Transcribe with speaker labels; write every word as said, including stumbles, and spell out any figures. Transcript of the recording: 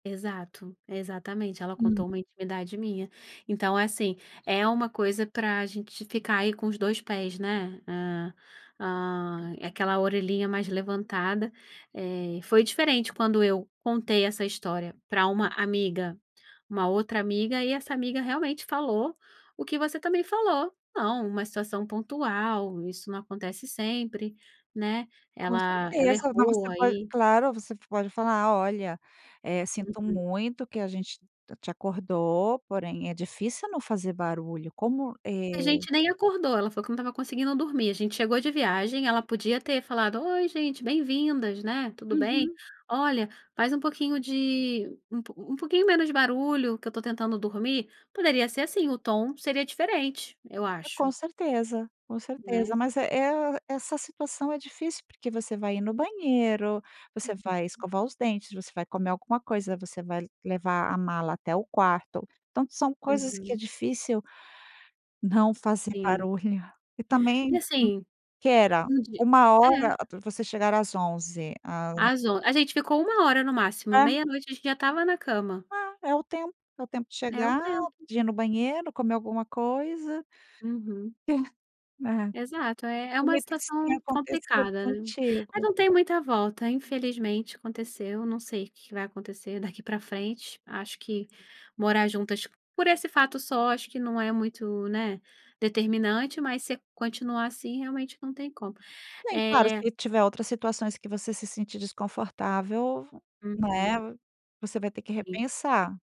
Speaker 1: Exato, exatamente, ela
Speaker 2: Hum.
Speaker 1: contou uma intimidade minha. Então assim, é uma coisa para gente ficar aí com os dois pés, né, hã, aquela orelhinha mais levantada, eh, foi diferente quando eu contei essa história para uma "amiga", uma outra amiga e essa amiga realmente falou o que você também falou: "Não, uma situação pontual, isso não acontece sempre, né".
Speaker 2: Com
Speaker 1: Ela ela
Speaker 2: certeza, não
Speaker 1: errou
Speaker 2: você pode
Speaker 1: aí.
Speaker 2: claro, você pode falar: "Olha, sinto
Speaker 1: Uhum.
Speaker 2: muito que a gente te acordou porém é difícil não fazer barulho", como, é
Speaker 1: A gente nem acordou, ela falou que não estava conseguindo dormir, a gente chegou de viagem, ela podia ter falado: "Oi gente, bem-vindas, né. Tudo bem?
Speaker 2: Uhum.
Speaker 1: Olha, faz um pouquinho de um pouquinho menos de barulho que eu estou tentando dormir", poderia ser assim, o tom seria diferente, eu
Speaker 2: E com
Speaker 1: acho.
Speaker 2: certeza, com certeza,
Speaker 1: Né.
Speaker 2: mas é é essa situação é difícil, porque você vai ir no banheiro, você vai
Speaker 1: [unintelligible]
Speaker 2: escovar os dentes, você vai comer alguma coisa, você vai levar a mala até o quarto, tanto são coisas que é
Speaker 1: Uhum.
Speaker 2: difícil não fazer
Speaker 1: Sim.
Speaker 2: barulho, e
Speaker 1: E
Speaker 2: também,
Speaker 1: assim,
Speaker 2: "quera",
Speaker 1: entendi,
Speaker 2: uma
Speaker 1: é.
Speaker 2: hora para você chegará às onze, a
Speaker 1: Azo, a gente ficou uma hora no máximo,
Speaker 2: Hã.
Speaker 1: meia noite a gente já estava na cama.
Speaker 2: Ah, é o tempo, é o tempo de
Speaker 1: É o
Speaker 2: chegar,
Speaker 1: tempo.
Speaker 2: de ir no banheiro, comer alguma coisa.
Speaker 1: Uhum.
Speaker 2: E, Aham.
Speaker 1: Exato, é é uma
Speaker 2: Bonito que isso tenha
Speaker 1: situação
Speaker 2: acontecido
Speaker 1: complicada, né. Mas
Speaker 2: contigo.
Speaker 1: não tem muita volta infelizmente aconteceu, não sei o que que vai acontecer daqui para frente, acho que morar juntas por esse fato só, acho que não é muito, né, determinante mas se continuar assim realmente não tem como,
Speaker 2: Sim, claro,
Speaker 1: eh
Speaker 2: se tiver outras situações que você se sentir desconfortável,
Speaker 1: Uhum.
Speaker 2: né, você vai ter que
Speaker 1: Sim.
Speaker 2: repensar.